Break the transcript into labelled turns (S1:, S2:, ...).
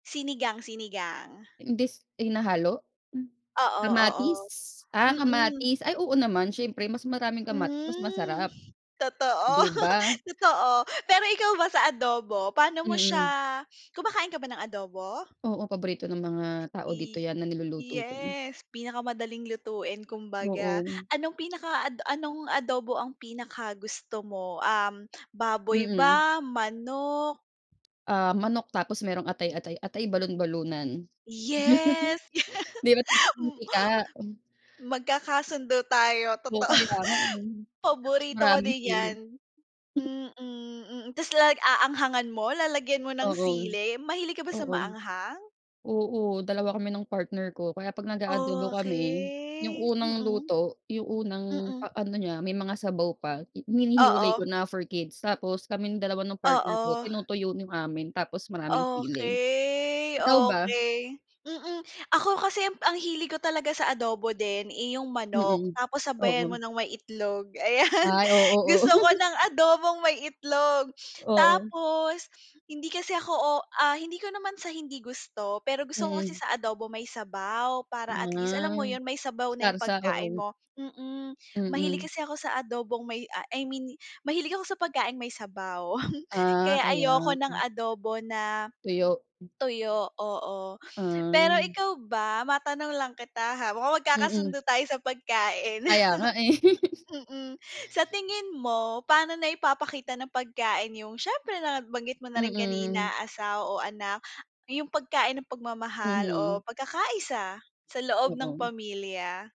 S1: Sinigang, sinigang.
S2: Imbis hinahalo? Hmm,
S1: Oo,
S2: kamatis?
S1: oo.
S2: Ah,
S1: Mm.
S2: kamatis, ay oo naman siyempre, mas maraming kamatis mas
S1: Hmm,
S2: masarap,
S1: totoo,
S2: 'di ba?
S1: totoo. Pero ikaw ba sa adobo, paano mo
S2: Mm.
S1: siya kumakain ka ba ng adobo?
S2: Oo, paborito ng mga tao dito
S1: Pi
S2: yan na niluluto ko.
S1: yes, pinakamadaling lutuin kumbaga.
S2: Oo.
S1: Anong pinaka ad anong adobo ang pinakagusto mo, um, baboy
S2: Mm.
S1: ba, manok?
S2: Ah, manok, tapos merong atay-atay, atay balun-balunan.
S1: Yes.
S2: 'Di ba't [unintelligible]
S1: Hmm.
S2: mantika.
S1: Magkakasundo tayo,
S2: Oo,
S1: totoo.
S2: kaya nga, eh, tapos
S1: Paborito ko
S2: maraming
S1: din
S2: sili.
S1: yan. Mm, mm, tas lag aanghangan mo, lalagyan mo ng
S2: Oo.
S1: sili, mahilig ka ba sa
S2: Oo.
S1: maanghang?
S2: Oo, dalawa kami ng partner ko. Kaya 'pag nag-a-adobo kami, yung
S1: Okey.
S2: unang
S1: Mm.
S2: luto, yung unang pa
S1: Mm.
S2: ano niya, may mga sabaw pa, i hinihiwalay
S1: Oo.
S2: ko na for kids, tapos kaming dalawa ng partner ko,
S1: Oo.
S2: tinutuyo no'ng amin, tapos maraming sili.
S1: Okey,
S2: Ikaw ba?
S1: okey. Mm, ako kasi, ang hilig ko talaga sa adobo din, eh, 'yong manok,
S2: Mm.
S1: tapos sabayan mo
S2: Oo.
S1: ng may itlog, ayan.
S2: Ay, oo, oo.
S1: Gusto ko ng adobong may itlog,
S2: Oo.
S1: tapos hindi kasi ako, o ah, hindi ko naman sa hindi gusto, pero gusto ko kasi
S2: Mm.
S1: sa adobo may sabaw. Para, at least, alam mo
S2: Ah,
S1: yun, may sabaw na yung
S2: sarsa,
S1: pagkain
S2: oo.
S1: mo, mm. Mahilig
S2: Mm.
S1: kasi ako sa adobong may ah, I mean, mahilig ako sa pagkaing may sabaw,
S2: Ah,
S1: kaya
S2: kaya.
S1: ayoko ng
S2: Hmm.
S1: adobo na,
S2: Tuyo. Hmm.
S1: tuyo, oo. Pero
S2: Ay.
S1: ikaw ba, matanong lang kita ha, mukha
S2: Mm.
S1: magkakasundo tayo sa pagkain.
S2: Kaya nga, eh.
S1: Mm, sa tingin mo, pa'no naipapakita ng pagkain, yung, siyempre nabanggit mo na rin
S2: Mm.
S1: kanina, asawa o anak, yung pagkain ng pagmamahal
S2: Mhm.
S1: o pagkakaisa sa loob ng
S2: Oo.
S1: pamilya?